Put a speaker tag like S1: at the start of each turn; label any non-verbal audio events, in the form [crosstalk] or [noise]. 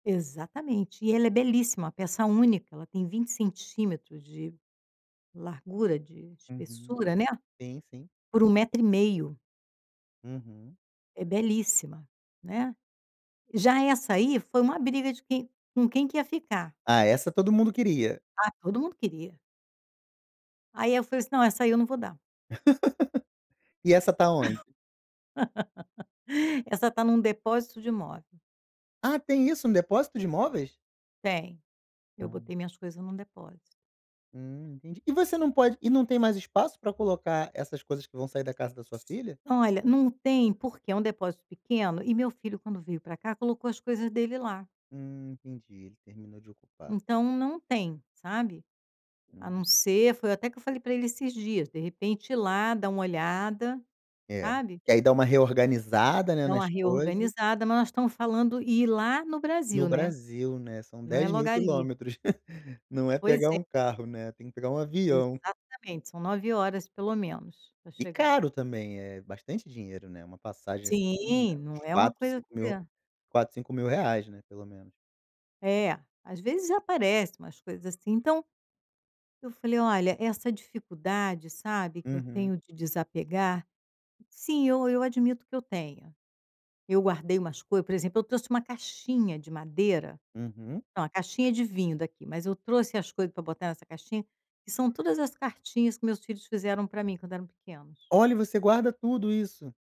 S1: Exatamente. E ela é belíssima, peça única, ela tem 20 centímetros de largura, de
S2: Uhum.
S1: espessura, né,
S2: Sim, sim.
S1: por 1 metro e meio.
S2: Uhum.
S1: É belíssima, né. Já essa aí, foi uma briga de quem com quem que ia ficar.
S2: Ah, essa todo mundo queria.
S1: Ah, todo mundo queria. Aí eu falei assim: "Não, essa aí eu não vou dar".
S2: [laughs] E essa tá onde?
S1: [laughs] Essa tá em um depósito de móvel.
S2: Ah, tem isso, um depósito de móveis?
S1: Tem. Eu
S2: Ah.
S1: botei minhas coisas em um depósito.
S2: Hum, entendi. E você não pode e não tem mais espaço pra colocar essas coisas que vão sair da casa da sua filha?
S1: Olha, não tem, porque é um depósito pequeno e meu filho, quando veio pra cá, colocou as coisas dele lá.
S2: Hum, entendi, terminou de ocupar.
S1: Então não tem, sabe. A não
S2: Uhum.
S1: ser foi até que eu falei pra ele esses dias, de repente ir lá, dar uma olhada,
S2: É,
S1: sabe.
S2: que aí dá uma reorganizada, né,
S1: Dar uma
S2: nas coisas.
S1: reorganizada, mas nós estamos falando em ir lá no Brasil,
S2: No
S1: né.
S2: Brasil, né, são
S1: Não é
S2: dez
S1: logo
S2: mil
S1: ali.
S2: quilômetros. [laughs] Não é
S1: Pois
S2: pegar
S1: é.
S2: um carro, né, tem que pegar um avião.
S1: Exatamente, são 9 horas pelo menos pra
S2: E
S1: chegar.
S2: caro também, eh, bastante dinheiro, né, uma passagem esse ano ainda,
S1: Sim, não
S2: uns
S1: é uma
S2: 4,
S1: coisa
S2: cinco
S1: que
S2: mil 4, R$5.000, né, pelo menos.
S1: É. Às vezes aparece umas coisas assim, então eu falei: "Olha, essa dificuldade, sabe, que eu
S2: Uhum.
S1: tenho de desapegar, sim, eu eu admito que eu tenho". Eu guardei umas coisas, por exemplo, eu trouxe uma caixinha de madeira.
S2: Uhum.
S1: Não, a caixinha de vinho daqui, mas eu trouxe as coisas pra botar nessa caixinha, que são todas as cartinhas que meus filhos fizeram pra mim quando eram pequenos.
S2: Olha, e você guarda tudo isso.